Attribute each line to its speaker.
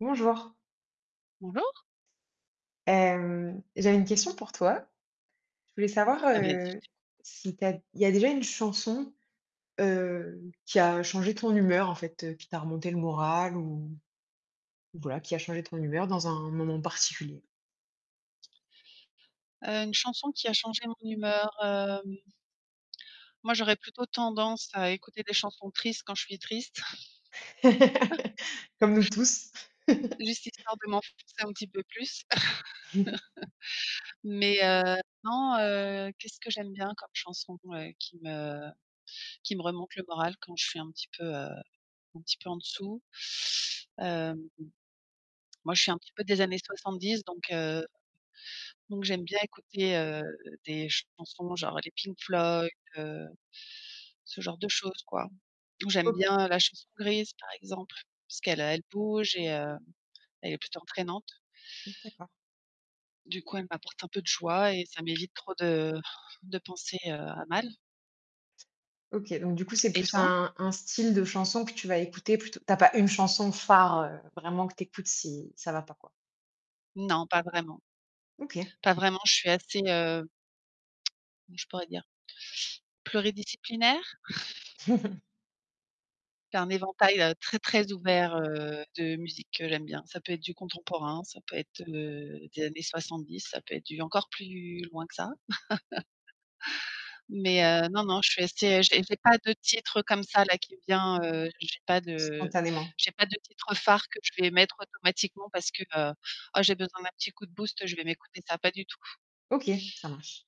Speaker 1: Bonjour.
Speaker 2: Bonjour.
Speaker 1: Hem, j'avais une question pour toi. Je voulais savoir,
Speaker 2: Ah vas-y je
Speaker 1: heu,
Speaker 2: t’écoute
Speaker 1: si tu as il y a déjà une chanson, heu, qui a changé ton humeur en fait, heu, qui t'a remonté le moral ou voilà, qui a changé ton humeur dans un moment particulier?
Speaker 2: Heu, une chanson qui a changé mon humeur? Hem Moi, j'aurais plutôt tendance à écouter des chansons tristes quand je suis triste.
Speaker 1: Comme nous tous.
Speaker 2: Juste histoire de m'enfoncer un petit peu plus. Mais heu, non, heu, qu'est-ce que j'aime bien comme chanson, heu, qui me qui me remonte le moral quand je suis un petit peu, heu, un petit peu en dessous? Hem moi, je suis un petit peu des années 70, donc heu donc j'aime bien écouter, heu, des chansons, genre les Pink Floyd, heu, ce genre de choses, quoi. Ou j'aime
Speaker 1: OK.
Speaker 2: bien, heu, la Chanson grise, par exemple, puisqu'elle elle bouge et, heu, elle est plutôt entraînante
Speaker 1: D'accord.
Speaker 2: du coup, elle m'apporte un peu de joie et ça m'évite trop de de penser, heu, à mal.
Speaker 1: OK, donc du coup, c'est
Speaker 2: Et
Speaker 1: plus
Speaker 2: toi?
Speaker 1: un un style de chanson que tu vas écouter, plutôt tu as pas une chanson phare, heu, vraiment que tu écoutes si ça ne va pas, quoi?
Speaker 2: Non, pas vraiment
Speaker 1: OK.
Speaker 2: pas vraiment, je suis assez, heu comment je pourrais dire? Pluridisciplinaire? C'est un éventail, heu, très, très ouvert, heu, de musiques que j'aime bien. Ça peut être du contemporain, ça peut être, heu, des années 70. Ça peut être du, encore plus loin que ça. Mais, heu, non, non, je suis assez, heu, j'ai pas de titre, heu, comme ça, là, qui vient heu, j'ai pas de
Speaker 1: Spontanément.
Speaker 2: j'ai pas de titres phares que je vais mettre automatiquement parce que, heu: «Oh j'ai besoin d'un petit coup de boost, je vais m'écouter ça». Pas du tout.
Speaker 1: OK, ça marche.